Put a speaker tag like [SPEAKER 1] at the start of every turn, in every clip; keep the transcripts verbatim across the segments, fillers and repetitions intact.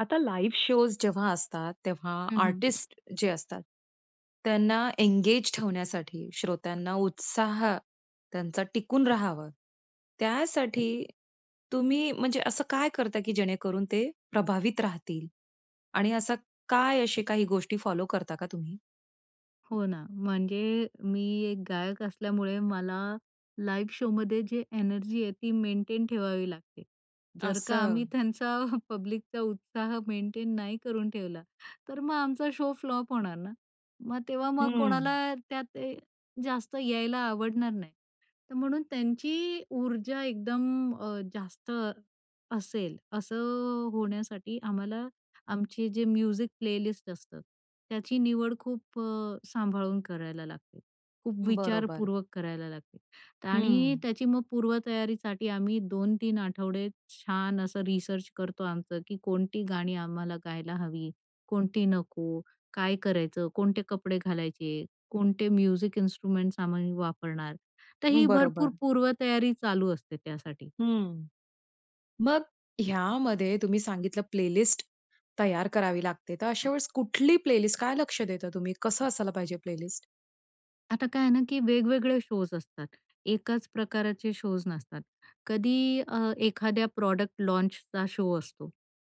[SPEAKER 1] आता live shows जेव्हा असतात, तेव्हा
[SPEAKER 2] हं, हं.
[SPEAKER 1] आर्टिस्ट जे असतात, त्यांना एन्गेज ठेवण्यासाठी, श्रोत्यांना उत्साह त्यांचा टिकून राहावं, त्यासाठी तुम्ही म्हणजे असं काय करता, की जेणेकरून ते प्रभावित राहतील? आणि असं काय अशे काही गोष्टी फॉलो करता का तुम्ही?
[SPEAKER 2] हो, ना, म्हणजे मी एक गायक असल्यामुळे मला लाईव्ह शोमध्ये जे एनर्जी आहे, ती मेंटेन ठेवावी लागते. जर का आम्ही
[SPEAKER 1] असं.
[SPEAKER 2] त्यांचा पब्लिकचा उत्साह मेंटेन नाही करून ठेवला, तर मग आमचा शो फ्लॉप होणार ना. मग तेव्हा मग
[SPEAKER 1] हम्म.
[SPEAKER 2] कोणाला त्यात अ, जास्त यायला आवडणार नाही. तर म्हणून त्यांची ऊर्जा एकदम अ, जास्त असेल, असं अ, होण्यासाठी आम्हाला, आमचे जे म्युझिक प्लेलिस्ट असतं, त्याची निवड खूप अ, सांभाळून करायला लागते, खूप
[SPEAKER 1] बरोबर.
[SPEAKER 2] विचारपूर्वक करायला लागते. आणि
[SPEAKER 1] हं.
[SPEAKER 2] त्याची मग पूर्वतयारीसाठी आम्ही दोन तीन आठवडे छान असं रिसर्च करतो आमचं, की कोणती गाणी आम्हाला गायला हवी, कोणती नको, काय करायचं, कोणते कपडे घालायचे, कोणते म्युझिक इन्स्ट्रुमेंट्स आम्ही वापरणार. तर ही भरपूर
[SPEAKER 1] बरोबर.
[SPEAKER 2] पूर्वतयारी चालू असते त्यासाठी.
[SPEAKER 1] हं, मग ह्यामध्ये तुम्ही सांगितलं प्लेलिस्ट तयार करावी लागते. तर अशा वेळेस कुठली प्लेलिस्ट, काय लक्ष देता तुम्ही? कसं असायला पाहिजे प्लेलिस्ट?
[SPEAKER 2] आता काय आहे ना, की वेगवेगळे शोज् असतात. एकाच प्रकारचे शोज् नसतात. कधी अ, एखाद्या प्रॉडक्ट लॉन्चचा शो असतो.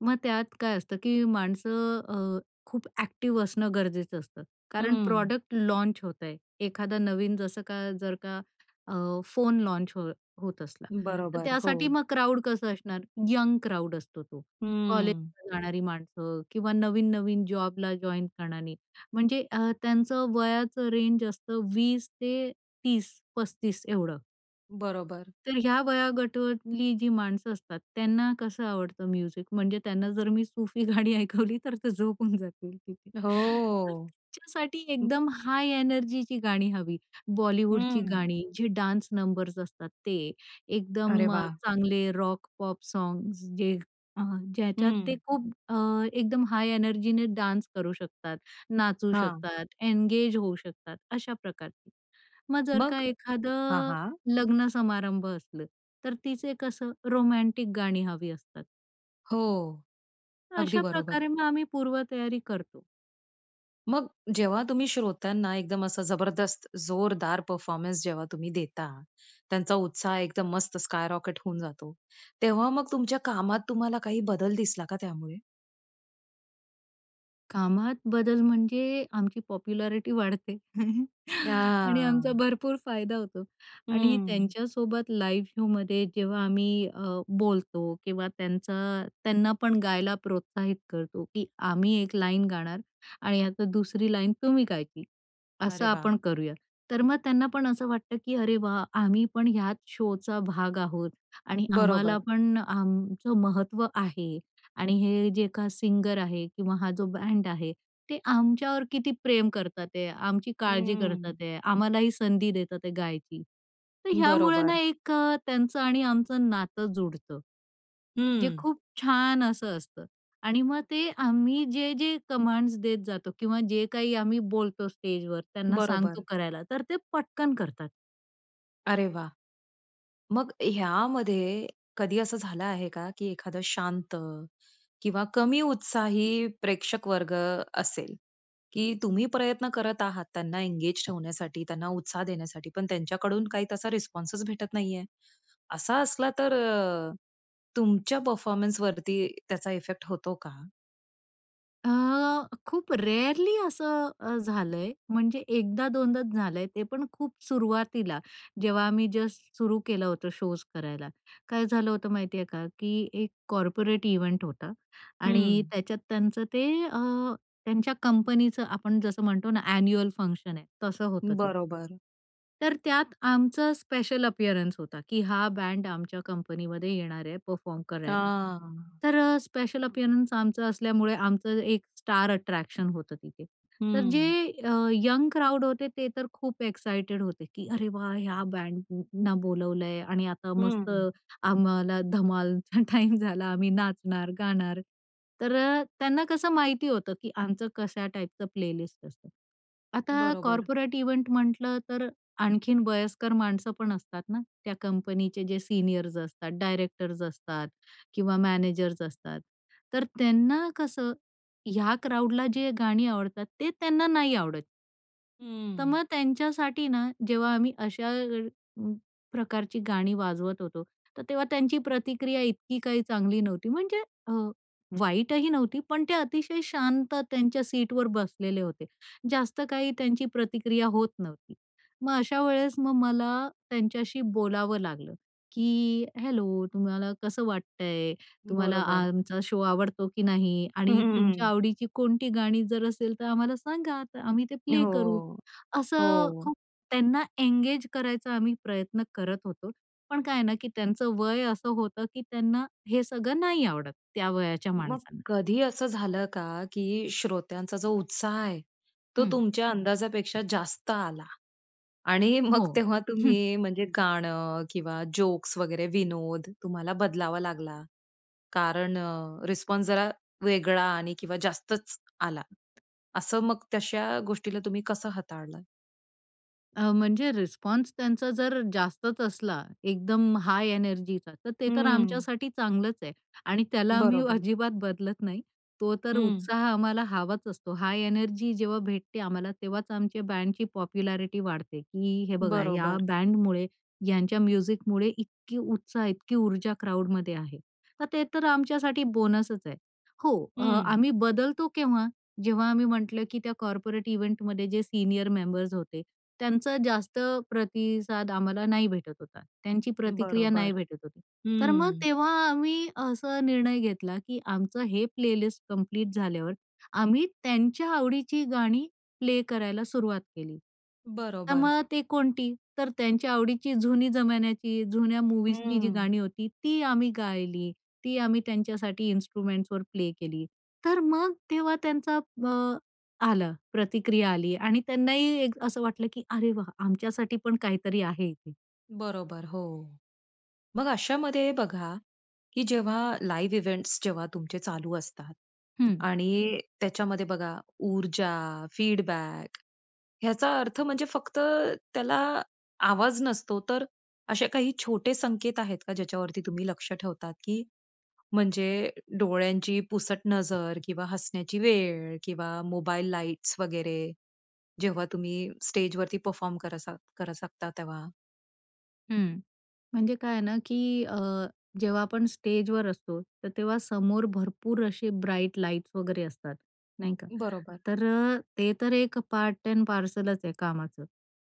[SPEAKER 2] मग त्यात काय असतं की माणसं अ, खूप ॲक्टिव असणं गरजेचं असतं. कारण
[SPEAKER 1] हं.
[SPEAKER 2] प्रॉडक्ट लॉन्च होत आहे. एखादा नवीन जसं का जर का अ, फोन लॉन्च हो होत असला तर
[SPEAKER 1] बरोबर,
[SPEAKER 2] त्यासाठी
[SPEAKER 1] हो.
[SPEAKER 2] मग क्राउड कसं असणार? यंग क्राउड असतो तो.
[SPEAKER 1] हं.
[SPEAKER 2] कॉलेजला जाणारी माणसं किंवा नवीन-नवीन जॉबला जॉइन करणारे म्हणजे अ, त्यांचं वयाचं रेंज असतं वीस ते तीस पस्तीस एवढं.
[SPEAKER 1] बरोबर.
[SPEAKER 2] तर ह्या वयोगटवतली जी माणसं असतात, त्यांना कसं आवडतं म्युझिक? म्हणजे त्यांना जर मी सूफी गाणी ऐकवली तर ते झोपून जातील तिथे. तर
[SPEAKER 1] हो,
[SPEAKER 2] त्यांच्यासाठी
[SPEAKER 1] हं.
[SPEAKER 2] एकदम हाय एनर्जीची गाणी हवी. बॉलिवूडची
[SPEAKER 1] हं.
[SPEAKER 2] गाणी जे डान्स नंबर्स असतात ते.
[SPEAKER 1] अरे
[SPEAKER 2] एकदम अ,
[SPEAKER 1] वाह!
[SPEAKER 2] चांगले रॉक, पॉप सॉग्स. जे अ, ज्याच्यात ते
[SPEAKER 1] हं.
[SPEAKER 2] खूप अ, एकदम हाय एनर्जीने डान्स करू शकतात, नाचू
[SPEAKER 1] हां.
[SPEAKER 2] शकतात, एन्गेज होऊ शकतात अशा प्रकारची. मग जर का
[SPEAKER 1] मग? हां,
[SPEAKER 2] एखादं
[SPEAKER 1] हां.
[SPEAKER 2] लग्न समारंभ असलं, तर तिचे कसं रोमॅन्टिक गाणी हवी असतात.
[SPEAKER 1] हो. अगदी
[SPEAKER 2] अशा
[SPEAKER 1] बरोबर.
[SPEAKER 2] प्रकारे मग आम्ही पूर्वतयारी करतो.
[SPEAKER 1] मग जेव्हा तुम्ही श्रोत्यांना एकदम असं जबरदस्त, जोरदार परफॉर्मन्स जेव्हा तुम्ही देता, त्यांचा उत्साह एकदम मस्त स्काय रॉकेट होऊन जातो, तेव्हा मग तुमच्या कामात तुम्हाला काही बदल दिसला का त्यामुळे?
[SPEAKER 2] कामात बदल म्हणजे आमची पॉप्युलॅरिटी वाढते. आणि आमचा
[SPEAKER 1] हां.
[SPEAKER 2] भरपूर फायदा होतो. आणि
[SPEAKER 1] हम्म.
[SPEAKER 2] त्यांच्यासोबत लाईव्ह शोमध्ये जेव्हा आम्ही अ, बोलतो किंवा त्यांचा त्यांना पण गायला प्रोत्साहित करतो की "आम्ही एक लाईन गाणार आणि आता दुसरी लाईन तुम्ही गायची, असं
[SPEAKER 1] अरे वाह!
[SPEAKER 2] आपण करूया." तर मग त्यांना पण असं वाटतं की "अरे वाह! आम्ही पण ह्याच शोचा भाग आहोत आणि आम्हाला
[SPEAKER 1] बरोबर.
[SPEAKER 2] पण आमचं महत्त्व आहे आणि हे जे का सिंगर आहे किंवा हा जो बँड आहे ते आमच्यावर किती प्रेम करतात आहेत, आमची काळजी करतात
[SPEAKER 1] हम्म.
[SPEAKER 2] आहेत, आम्हालाही संधी देतात आहेत गायची." तर ह्यामुळं ना
[SPEAKER 1] बरोबर.
[SPEAKER 2] एक अ, त्यांचं आणि आमचं नातं जुडतं, जे
[SPEAKER 1] हम्म.
[SPEAKER 2] खूप छान असं असतं. आणि मग ते आम्ही जे-जे कमांड्स देत जातो किंवा जे काही आम्ही बोलतो स्टेजवर, त्यांना सांगतो
[SPEAKER 1] बरोबर.
[SPEAKER 2] करायला, तर ते पटकन करतात.
[SPEAKER 1] अरे वाह! मग ह्यामध्ये कधी असं झालं आहे का, की एखादं शांत किंवा कमी उत्साही प्रेक्षक वर्ग असेल, की तुम्ही प्रयत्न करत आहात त्यांना एंगेज ठेवण्यासाठी त्यांना उत्साह देण्यासाठी पण त्यांच्याकडून काही तसा रिस्पॉन्स भेटत नाहीये. असा असला तर अ, तुमच्या परफॉर्मन्सवरती त्याचा इफेक्ट होतो का?
[SPEAKER 2] अ, खूप रेअरली असं अ, झालंय म्हणजे एकदा दोनदाच झालंय ते पण खूप सुरुवातीला, जेव्हा आम्ही जस्ट सुरू केलं होतं शोज करायला. काय झालं होतं माहिती आहे का, की एक कॉर्पोरेट कॉर्पोरेट इव्हेंट होता आणि
[SPEAKER 1] हम्म.
[SPEAKER 2] त्याच्यात त्यांचं ते अ, त्यांच्या कंपनीचं आपण जसं म्हणतो ना एन्युअल फंक्शन आहे, तसं होतं ते.
[SPEAKER 1] बरोबर.
[SPEAKER 2] तर त्यात आमचं स्पेशल अपिअरन्स होता, की हा बँड आमच्या कंपनीमध्ये येणार आहे परफॉर्म करायला.
[SPEAKER 1] हां.
[SPEAKER 2] तर अ, स्पेशल अपिअरन्स आमचं असल्यामुळे आमचं एक स्टार अट्रॅक्शन होतं तिथे. तर जे
[SPEAKER 1] हम्म.
[SPEAKER 2] अ, यंग क्राउड होते, ते तर खूप एक्साइटेड होते, की अरे वाह!. ह्या बँडना बोलवलंय आणि आता
[SPEAKER 1] हं,
[SPEAKER 2] मस्त
[SPEAKER 1] हं.
[SPEAKER 2] आम्हाला धमालचा टाईम झाला आम्ही नाचणार, गाणार तर त्यांना कसं माहिती होतं, की आमचं कशा टाईपचं प्लेलिस्ट असतं. आता
[SPEAKER 1] बरोबर.
[SPEAKER 2] कॉर्पोरेट इव्हेंट म्हटलं तर आणखीन वयस्कर माणसं पण असतात ना त्या कंपनीचे जे सीनियर्स असतात, डायरेक्टर्स असतात किंवा मॅनेजर्स असतात तर त्यांना कसं ह्या क्राउडला जे गाणी आवडतात, ते त्यांना नाही आवडत. तर
[SPEAKER 1] हम्म.
[SPEAKER 2] मग त्यांच्यासाठी ना, जेव्हा आम्ही अशा अ, प्रकारची गाणी वाजवत होतो, तर तेव्हा त्यांची प्रतिक्रिया इतकी काही चांगली नव्हती. म्हणजे अ, वाईटही नव्हती. पण ते अतिशय शांत त्यांच्या सीटवर बसलेले होते. जास्त काही त्यांची प्रतिक्रिया होत नव्हती. मग अशा वेळेस मग मला त्यांच्याशी बोलावं लागलं, की हॅलो तुम्हाला कसं वाटतंय. तुम्हाला
[SPEAKER 1] बरोबर.
[SPEAKER 2] आमचा शो आवडतो की नाही आणि तुमच्या आवडीची कोणती गाणी जर असेल, तर आम्हाला सांगा, तर आम्ही ते प्ले करू.
[SPEAKER 1] हो,
[SPEAKER 2] असं
[SPEAKER 1] हो.
[SPEAKER 2] खूप त्यांना एंगेज करायचा आम्ही प्रयत्न करत होतो. पण काय आहे ना, की त्यांचं वय असं होतं, की त्यांना हे सगळं नाही आवडत, त्या वयाच्या
[SPEAKER 1] मग
[SPEAKER 2] माणसांना.
[SPEAKER 1] कधी असं झालं का, की श्रोत्यांचा जो उत्साह आहे तो
[SPEAKER 2] हं.
[SPEAKER 1] तुमच्या अंदाजापेक्षा जास्त आला. आणि
[SPEAKER 2] हो,
[SPEAKER 1] मग तेव्हा
[SPEAKER 2] हं.
[SPEAKER 1] तुम्ही म्हणजे गाणं किंवा जोक्स वगैरे विनोद तुम्हाला बदलावा लागला? कारण अ, रिस्पॉन्स जरा वेगळा आणि किंवा जास्तच आला. असं मग तशा गोष्टीला तुम्ही कसं हाताळलात?
[SPEAKER 2] अ, म्हणजे रिस्पॉन्स त्यांचा जर जास्तच असला, एकदम हाय एनर्जीचा, तर ते तर
[SPEAKER 1] हम्म.
[SPEAKER 2] आमच्यासाठी चांगलंच आहे आणि त्याला आम्ही
[SPEAKER 1] बरोबर.
[SPEAKER 2] अजिबात बदलत नाही. तो तर
[SPEAKER 1] हं.
[SPEAKER 2] उत्साह आम्हाला हवाच असतो. हाय एनर्जी जेव्हा भेटते आम्हाला, तेव्हाच आमच्या बँडची पॉप्युलॅरिटी वाढते, की हे बघा या
[SPEAKER 1] बरोबर.
[SPEAKER 2] बँडमुळे ह्यांच्या म्युझिकमुळे इतकी उत्साह, इतकी ऊर्जा क्राउडमध्ये आहे. तर ते तर तुमच्यासाठी बोनसच आहे. हो. अ,
[SPEAKER 1] हं.
[SPEAKER 2] आम्ही बदलतो केव्हा, जेव्हा आम्ही म्हटलं, की त्या कॉर्पोरेट इव्हेंटमध्ये जे सीनियर मेंबर्स होते, त्यांचा जास्त प्रतिसाद आम्हाला नाही भेटत होता. त्यांची प्रतिक्रिया नाही
[SPEAKER 1] बरोबर.
[SPEAKER 2] भेटत होती. तर मग
[SPEAKER 1] हम्म.
[SPEAKER 2] तेव्हा आम्ही असा निर्णय घेतला, की आमचं हे प्लेलिस्ट कंप्लीट झाल्यावर आम्ही त्यांच्या आवडीची गाणी प्ले करायला सुरुवात केली. तर
[SPEAKER 1] बरोबर.
[SPEAKER 2] मग ते कोणती? तर त्यांच्या आवडीची जुनी जमान्याची जुन्या मूव्हीजची जी
[SPEAKER 1] हम्म.
[SPEAKER 2] गाणी होती, ती आम्ही गायली. ती आम्ही त्यांच्यासाठी इन्स्ट्रुमेंट्सवर प्ले केली. तर मग तेव्हा त्यांचा अ, आलं प्रतिक्रिया आली आणि त्यांनाही असं वाटलं, की अरे वाह! आमच्यासाठी पण काहीतरी आहे इथे.
[SPEAKER 1] बरोबर हो. मग अशामध्ये बघा, की जेव्हा लाईव्ह इव्हेंट्स जेव्हा तुमचे चालू असतात
[SPEAKER 2] हं.
[SPEAKER 1] आणि त्याच्यामध्ये बघा, ऊर्जा, फीडबॅक याचा अर्थ म्हणजे फक्त त्याला आवाज नसतो, तर असे काही छोटे संकेत आहेत का? ज्याच्यावरती तुम्ही लक्ष ठेवतात? की म्हणजे डोळ्यांची पुसट नजर किंवा हसण्याची वेळ किंवा मोबाईल लाइट्स वगैरे जेव्हा तुम्ही स्टेजवरती परफॉर्म करत असाल करू शकता तेव्हा?
[SPEAKER 2] हं. म्हणजे काय आहे ना, की अ, जेव्हा आपण स्टेजवर असतो, तर तेव्हा समोर भरपूर असे ब्राईट लाइट्स वगैरे असतात, नाही का?
[SPEAKER 1] बरोबर.
[SPEAKER 2] तर अ, ते तर एक पार्ट एंड पार्सलच आहे कामाचं.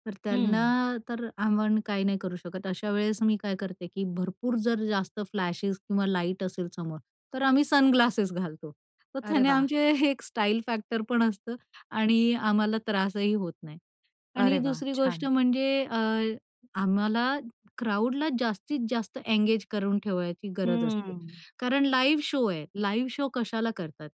[SPEAKER 2] तर त्यांना
[SPEAKER 1] हं.
[SPEAKER 2] तर आपण काही नाही करू शकत. अशावेळेस मी काय करते, की भरपूर जर जास्त फ्लॅशेस किंवा लाईट असेल समोर तर आम्ही सनग्लासेस घालतो. तर
[SPEAKER 1] अरे
[SPEAKER 2] त्याने
[SPEAKER 1] वाह!
[SPEAKER 2] आमचे एक स्टाईल फॅक्टर पण असतं आणि आम्हाला त्रासही होत नाही. आणि
[SPEAKER 1] अरे वाह!
[SPEAKER 2] दुसरी गोष्ट
[SPEAKER 1] छान.
[SPEAKER 2] म्हणजे अ, आम्हाला क्राउडला जास्तीत जास्त एंगेज करून ठेवायची गरज असते,
[SPEAKER 1] हम्म.
[SPEAKER 2] कारण लाईव्ह शो आहे. लाईव्ह शो कशाला करतात?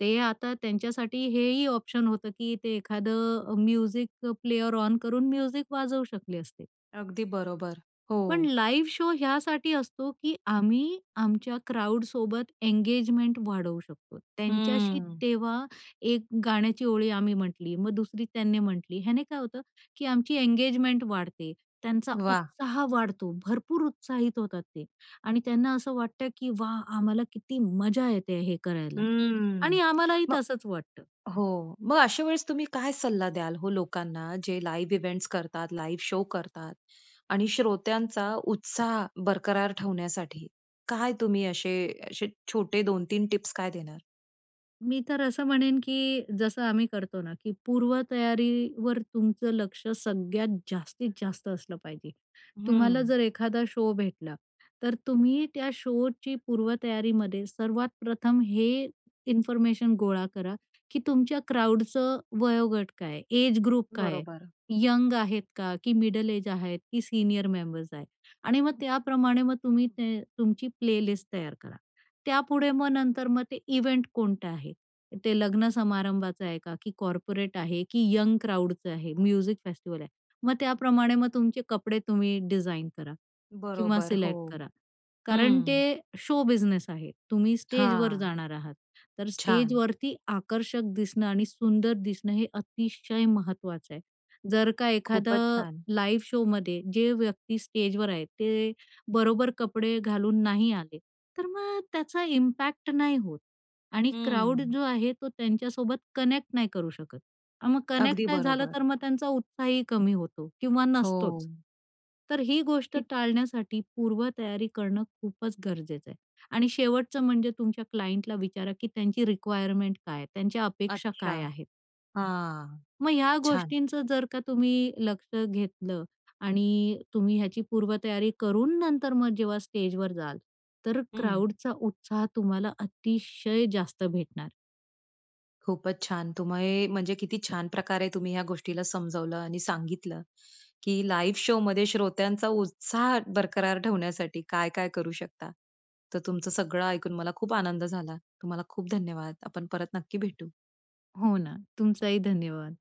[SPEAKER 2] ते आता त्यांच्यासाठी हेही ऑप्शन होतं, की ते एखादं अ, म्युझिक प्लेयर ऑन करून म्युझिक वाजवू शकले असते.
[SPEAKER 1] अगदी बरोबर, हो.
[SPEAKER 2] पण लाईव्ह शो ह्यासाठी असतो, की आम्ही आमच्या क्राउडसोबत एंगेजमेंट वाढवू शकतो. त्यांच्याशी
[SPEAKER 1] हम्म.
[SPEAKER 2] तेव्हा एक गाण्याची ओळी आम्ही म्हटली, मग दुसरी त्यांनी म्हटली. ह्याने काय होतं, की आमची एंगेजमेंट वाढते. त्यांचा
[SPEAKER 1] वाह!
[SPEAKER 2] उत्साह वाढतो, भरपूर उत्साहित होतात ते आणि त्यांना असं वाटतं की "वाह! आम्हाला किती मजा येते हे करायला"
[SPEAKER 1] हम्म.
[SPEAKER 2] आणि आम्हालाही
[SPEAKER 1] मग
[SPEAKER 2] तसंच वाटतं.
[SPEAKER 1] हो मग अशावेळेस तुम्ही काय सल्ला द्याल हो लोकांना, जे लाईव्ह इव्हेंट्स करतात, लाईव्ह शो करतात. आणि श्रोत्यांचा उत्साह बरकरार ठेवण्यासाठी काय तुम्ही असे असे छोटे दोन तीन टिप्स काय देणार?
[SPEAKER 2] मी तर असं म्हणेन की जसं आम्ही करतो ना की पूर्वतयारीवर तुमचं लक्ष सगळ्यात जास्तीत जास्त असलं पाहिजे. तुम्हाला
[SPEAKER 1] हम्म.
[SPEAKER 2] जर एखादा शो भेटला तर तुम्ही त्या शोची पूर्वतयारीमध्ये सर्वात प्रथम हे इन्फॉर्मेशन गोळा करा की तुमच्या क्राउडचं वयोगट काय आहे, एज ग्रुप काय आहे.
[SPEAKER 1] बरोबर.
[SPEAKER 2] यंग आहेत का, की मिडल एज आहेत, की सीनियर मेंबर्स आहेत आणि मग त्याप्रमाणे मग तुम्ही ते तुमची प्लेलिस्ट तयार करा. त्यापुढे मग नंतर मग ते इव्हेंट कोणतं आहे. ते लग्न समारंभाचं आहे का, की कॉर्पोरेट आहे, की यंग क्राउडचं आहे, म्युझिक फेस्टिवल आहे. मग त्याप्रमाणे मग तुमचे कपडे तुम्ही डिझाइन करा किंवा
[SPEAKER 1] बरोबर,
[SPEAKER 2] सिलेक्ट
[SPEAKER 1] हो,
[SPEAKER 2] करा. कारण ते
[SPEAKER 1] हम्म.
[SPEAKER 2] शो बिझनेस आहे. तुम्ही स्टेजवर
[SPEAKER 1] हां,
[SPEAKER 2] जाणार आहात. तर
[SPEAKER 1] छान.
[SPEAKER 2] स्टेजवरती आकर्षक दिसणं आणि सुंदर दिसणं हे अतिशय महत्त्वाचं आहे. जर का एखादा
[SPEAKER 1] खूपच छान.
[SPEAKER 2] लाईव्ह शोमध्ये जे व्यक्ती स्टेजवर आहे ते बरोबर कपडे घालून नाही आले, तर मग त्याचा इम्पॅक्ट नाही होत आणि क्राउड
[SPEAKER 1] हम्म.
[SPEAKER 2] जो आहे तो त्यांच्यासोबत कनेक्ट नाही करू शकत. अन् मग कनेक्ट
[SPEAKER 1] अगदी
[SPEAKER 2] नाही झालं
[SPEAKER 1] बरोबर.
[SPEAKER 2] तर मग त्यांचा उत्साहही कमी होतो किंवा नसतोच.
[SPEAKER 1] हो.
[SPEAKER 2] तर ही गोष्ट
[SPEAKER 1] की
[SPEAKER 2] टाळण्यासाठी पूर्व तयारी करणं खूपच गरजेचं आहे. आणि शेवटचं म्हणजे तुमच्या क्लायन्टला विचारा की त्यांची रिक्वायरमेंट काय आहे, त्यांच्या अपेक्षा
[SPEAKER 1] अच्छा,
[SPEAKER 2] काय आहेत.
[SPEAKER 1] हां,
[SPEAKER 2] मग ह्या
[SPEAKER 1] छान.
[SPEAKER 2] गोष्टींचं जर का तुम्ही लक्ष घेतलं आणि तुम्ही ह्याची पूर्वतयारी करून नंतर मग जेव्हा स्टेजवर जाल, तर
[SPEAKER 1] हं.
[SPEAKER 2] क्राउडचा उत्साह तुम्हाला अतिशय जास्त भेटणार.
[SPEAKER 1] खूपच छान! तुम्ही म्हणजे किती छान प्रकारे तुम्ही ह्या गोष्टीला समजवलं आणि सांगितलं की लाईव्ह शोमध्ये श्रोत्यांचा उत्साह बरकरार ठेवण्यासाठी काय-काय करू शकता. तर तुमचं सगळं ऐकून मला खूप आनंद झाला. तुम्हाला खूप धन्यवाद. आपण परत नक्की भेटू.
[SPEAKER 2] हो ना. तुमचंही धन्यवाद.